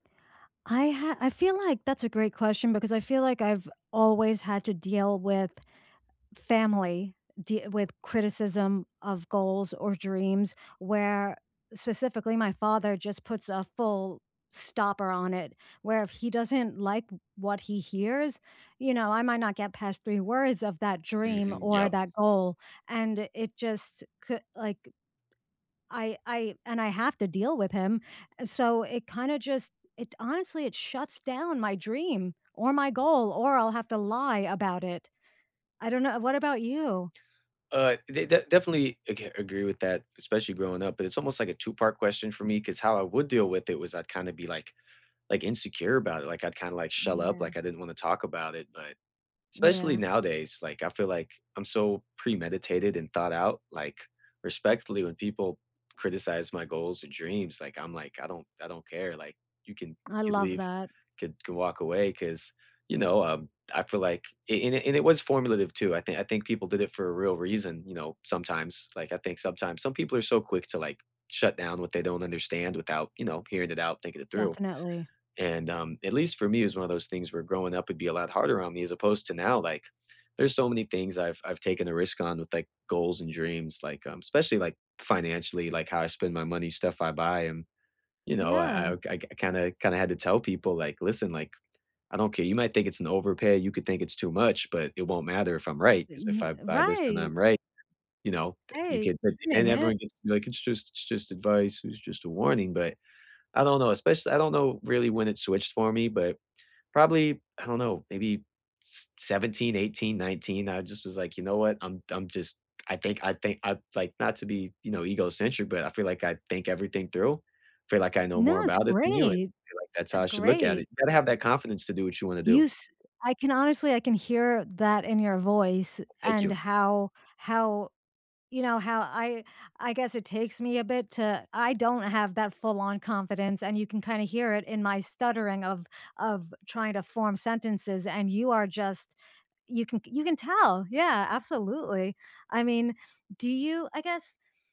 I ha I feel like that's a great question because I feel like I've always had to deal with family, de with criticism of goals or dreams where specifically my father just puts a full stopper on it, where if he doesn't like w what he hears, you know, I might not get past 3 words of that dream Mhm. or Yep. that goal and it just cou like I I and I have to deal with him, so it kinda just it honestly it shuts down my dream or my goal or I'll have to lie about it. I don't know What about you? Uh, they de definitely ag agree with that, especially growing up but it's almost, like, a two-part question for me 'cause how I would deal with it was I'd kinda be, like like insecure about it, like, I'd kinda, like, shell up, Yeah. like, I didn't wanna talk about it, but especially Yeah. nowadays, like, I feel like I'm so premeditated and thought-out, like respectfully when people criticize my goals and dream, like I'm like, "I don't I don't care." like, you can I could love leave that. could could walk away 'cause you know, um, I feel like and it and it was formulative too, I think I think people did it for a real reason, you know, sometimes like I think sometimes some people are so quick to, like, shut down what they don't understand without, you know, hearing it out, thinking it through. Definitely. And, um, at least for me it was one of those things where growing up would be a lot harder on me as opposed to now, like, there's so many things I've I've taken a risk on with, like, goals and dreams, like, um especially, like, financially, like, how I spend my money, stuff I buy, and, you know, Yeah. I I I kinda kinda had to tell people, like, "Listen, like, I don't care you might think it's an overpay, you could think it's too much, but it won't matter if I'm right." 'Cause if N I buy this and right. I'm right you know, uh, you Right get and doing it. everyone gets to be, like, "It's just it's just advice, it was just a warning," but, I don't know espec I don't know really when it switched for me, but, probably I don't know, maybe s seventeen, 18, 19. I just was, like, "You know what? I'm I'm just I think I think I'd like not to be, you know, egocentric, but I feel like I think everything through. Feel like I know No, more it's about it than you," and great. I feel like that's how That's I should look at it, great. you gotta have that confidence to do what you wanna do. You s I can honestly I can hear that in your voice Thank and you. how how you know, how I I guess it takes me a bit to I don't have that full on confidence and you can kinda hear it in my stuttering of of trying to form sentences and you are just you can you can tell. Yeah. Absolutely. I mean do you I guess